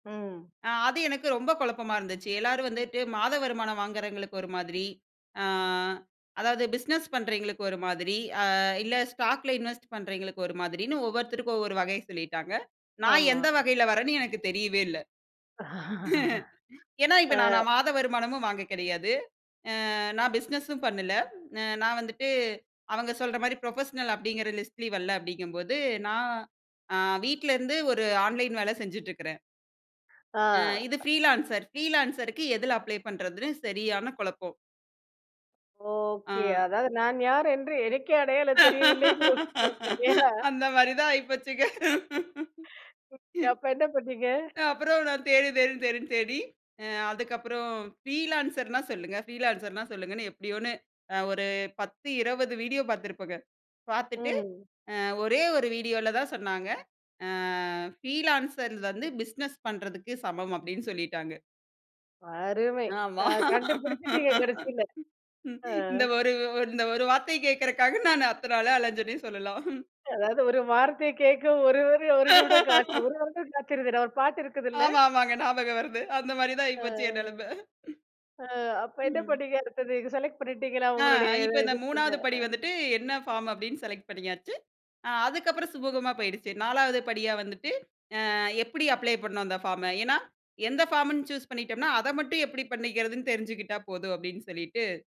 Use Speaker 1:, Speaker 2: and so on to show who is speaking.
Speaker 1: ம்.
Speaker 2: அ. அது எனக்கு ரொம்ப குழப்பமா இருந்துச்சு. எல்லோரும் வந்துட்டு மாத வருமானம் வாங்குறவங்களுக்கு ஒரு மாதிரி. ஆ, அதாவது பிசினஸ் பண்றவங்களுக்கு ஒரு மாதிரி, அ இல்ல ஸ்டாக்ல இன்வெஸ்ட் பண்றவங்களுக்கு ஒரு மாதிரின்னு ஒவ்வொருத்தருக்கும் ஒவ்வொரு வகை சொல்லிட்டாங்க. நான்
Speaker 1: ஆமா.
Speaker 2: எந்த வகையில வர்றேன்னு எனக்கு தெரியவே இல்ல. ஏன்னா, இப்ப
Speaker 1: ஆ,
Speaker 2: நா நான் மாத வருமானமும் வாங்க கிடையாது. அ நான் பிசினஸ்ஸும் பண்ணல. அ நான் வந்துட்டு அவங்க சொல்றமாரி புரொபஷனல் அப்பிடிங்கிற லிஸ்ட்லயும் வல்ல, அப்பிடிங்கம்போது, அ நான் அ வீட்ல இருந்து ஒரு ஆன்லைன் வேலை செஞ்சுட்டு இருக்கறேன்.
Speaker 1: ஆ,
Speaker 2: அ இது ப்ரீலான்சர் ப்ரீலான்சர்க்கு எதில அப்ளை பண்றதுன்னு சரியான குழப்பம்.
Speaker 1: ஓகே.
Speaker 2: ஆ.
Speaker 1: அதாவது, நான் யார் என்று எனக்கே அடையாளம் தெரியவில்லைங்கிறதுக்கு, [unintelligible] ஏன்னா
Speaker 2: அந்தமாரி தான் ஆயிபோச்சுங்க. ம்.
Speaker 1: அப்ப என்ன பண்ணீங்க?
Speaker 2: அப்புறம் நான் தேடு, தேடு தேடுன்னு தேடி அ அதுக்கப்புறம் ஃப்ரீலான்ஸர்னா சொல்லுங்க. ஃப்ரீலான்ஸர்னா சொல்லுங்கன்னு எப்பிடியோன்னு ஒரு 10, 20 வீடியோ பார்த்துருப்பேங்க. பார்த்துட்டு,
Speaker 1: ம்.
Speaker 2: அ ஒரே ஒரு வீடியோல தான் சொன்னாங்க. அ ஃப்ரீலான்ஸர் வந்து பிஸ்னஸ் பண்ணுறதுக்கு சமம் அப்பிடின்னு சொல்லிட்டாங்க.
Speaker 1: அருமை.
Speaker 2: ஆமா
Speaker 1: அ கண்டுபிடிச்சிட்டீங்க கடைசியில. ஆ.
Speaker 2: இந்த ஒரு இந்த ஒரு வார்த்தைய கேக்கறதுக்காக நான் அத்தன அல அலஞ்சன்னே சொல்லலாம்.
Speaker 1: அதாவது, ஒரு வார்த்தை கேட்க ஒரு ஒரு நிமிடம் காத் ஒரு வருடம் காத்து இருந்தேன். ஒரு பாட்டு இருக்குதுல்ல?
Speaker 2: ஆமா, ஆமாங்க. ஞாபகம் வருது. அந்த மாதிரி தான்
Speaker 1: ஆ,
Speaker 2: ஆயிப்போச்சு என் நெலமை.
Speaker 1: ஆ. அப்போ என்ன
Speaker 2: ம்.
Speaker 1: பண்ணீங்க அடுத்தது? நீங்க செலக்ட் பண்ணிட்டீங்களா
Speaker 2: ஆ,
Speaker 1: உங்களுடைய
Speaker 2: இப்ப இந்த 3வது
Speaker 1: [unintelligible]
Speaker 2: படி
Speaker 1: அ.
Speaker 2: வந்துட்டு என்ன ஃபார்ம் அப்பிடின்னு செலக்ட் பண்ணியாச்சு. அ அதுக்கு அப்புறம் சுமூகமா போயிடுச்சு. 4வது படியா வந்துட்டு, அ எப்பிடி அப்ளை பண்ணனும் அந்த ஃபார்ம? ஏன்னா, எந்த ஃபார்ம்ன்னு சூஸ் பண்ணிட்டோம்ன்னா, அத மட்டும் எப்பிடி பண்ணிக்கிறதுன்னு தெரிஞ்சுக்கிட்டா போதும் அப்பிடின்னு சொல்லிட்டு